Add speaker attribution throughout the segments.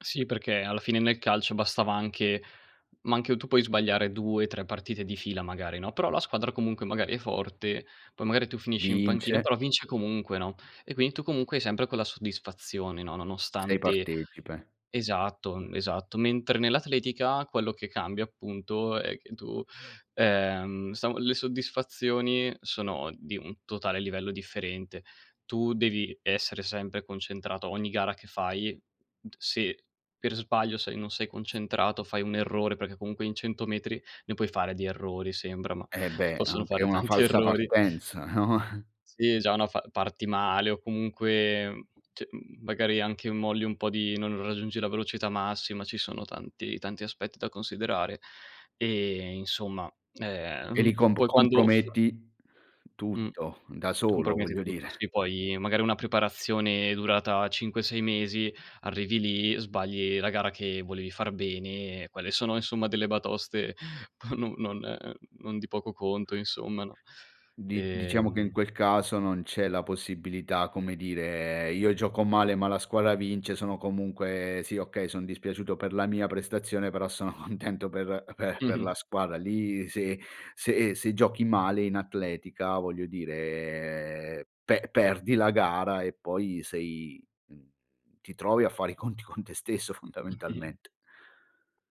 Speaker 1: Sì, perché alla fine nel calcio bastava anche ma anche tu puoi sbagliare 2, 3 partite di fila magari, no, però la squadra comunque magari è forte, poi magari tu finisci in
Speaker 2: Vince.
Speaker 1: panchina, però vince comunque, no. E quindi tu comunque hai sempre quella soddisfazione, no,
Speaker 2: Sei
Speaker 1: nonostante
Speaker 2: partecipe.
Speaker 1: esatto, mhmm, esatto. Mentre nell'atletica quello che cambia appunto, è che tu, ehm, sa le soddisfazioni sono di un totale livello differente. Tu devi essere sempre concentrato ogni gara che fai, n t se per sbaglio sei non sei concentrato, fai un errore, perché comunque in 100 metri ne puoi fare di errori, sembra, ma
Speaker 2: Eh
Speaker 1: si
Speaker 2: beh,
Speaker 1: possono
Speaker 2: anche
Speaker 1: fare
Speaker 2: una
Speaker 1: tanti
Speaker 2: falsa
Speaker 1: errori.
Speaker 2: partenza, no, eh.
Speaker 1: Sì, già una fa parti male, o comunque, mhmm, c mhmm, magari anche molli un po' di non raggiungi la velocità massima, ci sono tanti tanti aspetti da considerare. E insomma,
Speaker 2: E
Speaker 1: ehm,
Speaker 2: lì comp
Speaker 1: poi quando f
Speaker 2: comprometti
Speaker 1: Mh,
Speaker 2: tutto, da solo
Speaker 1: comprometti
Speaker 2: voglio
Speaker 1: tutto,
Speaker 2: dire.
Speaker 1: sì. Poi magari una preparazione durata 5, 6 mesi, arrivi lì, sbagli la gara che volevi far bene e quelle sono insomma delle batoste p non non non di poco conto insomma no.
Speaker 2: Di diciamo che in
Speaker 1: Ehm
Speaker 2: quel caso non c'è la possibilità, come dire: "Io gioco male ma la squadra vince"; sono comunque sì, okay, son dispiaciuto per la mia prestazione, però sono contento per per per
Speaker 1: Mh-mh.
Speaker 2: la squadra; lì se se se giochi male in atletica, voglio dire pe perdi la gara, e poi sei mhmm, ti trovi a fare i conti con te stesso
Speaker 1: Okay.
Speaker 2: fondamentalmente.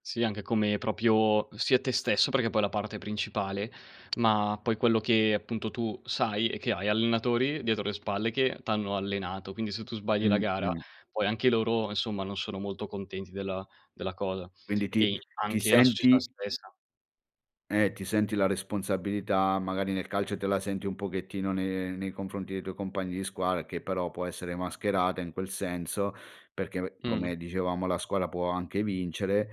Speaker 1: Sì, anche come proprio sia te stesso perché poi è la parte principale. Ma poi quello che appunto tu sai, è che hai allenatori dietro le spalle che t'hanno allenato, quindi se tu sbagli la
Speaker 2: Mh,
Speaker 1: gara,
Speaker 2: mh.
Speaker 1: poi anche loro, insomma, non sono molto contenti della della cosa,
Speaker 2: Quindi ti
Speaker 1: e
Speaker 2: ti
Speaker 1: anche la società
Speaker 2: senti
Speaker 1: stessa.
Speaker 2: Eh, ti senti la responsabilità, magari nel calcio te la senti un pochettino ne nei confronti dei tuoi compagni di squadra, che però può essere mascherata in quel senso, perché be
Speaker 1: Mh-mh.
Speaker 2: come dicevamo la scuola può anche vincere;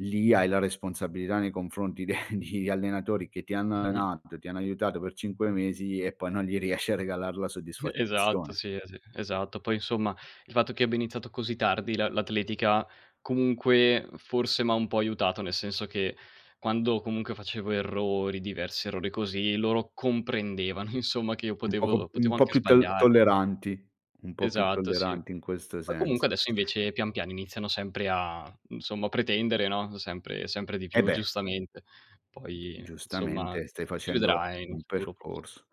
Speaker 2: lì hai la responsabilità nei confronti de di allenatori che ti hanno allenato, che ti hanno aiutato per 5 mesi e poi non gli riesci a regalar la
Speaker 1: E esatto,
Speaker 2: soddisfazione.
Speaker 1: sì, eh sì, esatto. Poi insomma, il fatto che abbia iniziato così tardi la l'atletica comunque forse m'ha un po' aiutato, nel senso che quando comunque facevo errori, diversi errori così, loro comprendevano insomma, che io
Speaker 2: Un poco
Speaker 1: potevo potevo
Speaker 2: un po'
Speaker 1: anche
Speaker 2: più to
Speaker 1: sbagliare, no?
Speaker 2: tolleranti. Un po' più
Speaker 1: Esatto, sì.
Speaker 2: tolleranti in questo
Speaker 1: Poi comunque
Speaker 2: senso.
Speaker 1: adesso invece, pian piano iniziano sempre a insomma a pretendere, no, sempre sempre di
Speaker 2: Eh
Speaker 1: più
Speaker 2: beh.
Speaker 1: giustamente.
Speaker 2: Mhmm,
Speaker 1: Poi insomma s
Speaker 2: giustamente, stai
Speaker 1: si
Speaker 2: facendo
Speaker 1: vedrà in un
Speaker 2: un
Speaker 1: futuro pross
Speaker 2: percorso.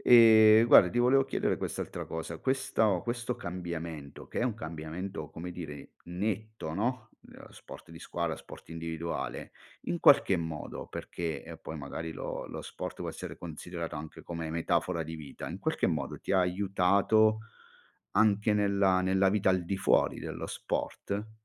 Speaker 2: Ehm, guarda ti volevo chiedere quest'altra cosa: questao questo cambiamento, che è un cambiamento come dire netto, no, nella sport di squadra, sport individuale, in qualche modo, perché, ehm, poi magari lo lo sport può essere considerato anche come metafora di vita, in qualche modo ti ha aiutato anche nella nella vita al di fuori dello sport?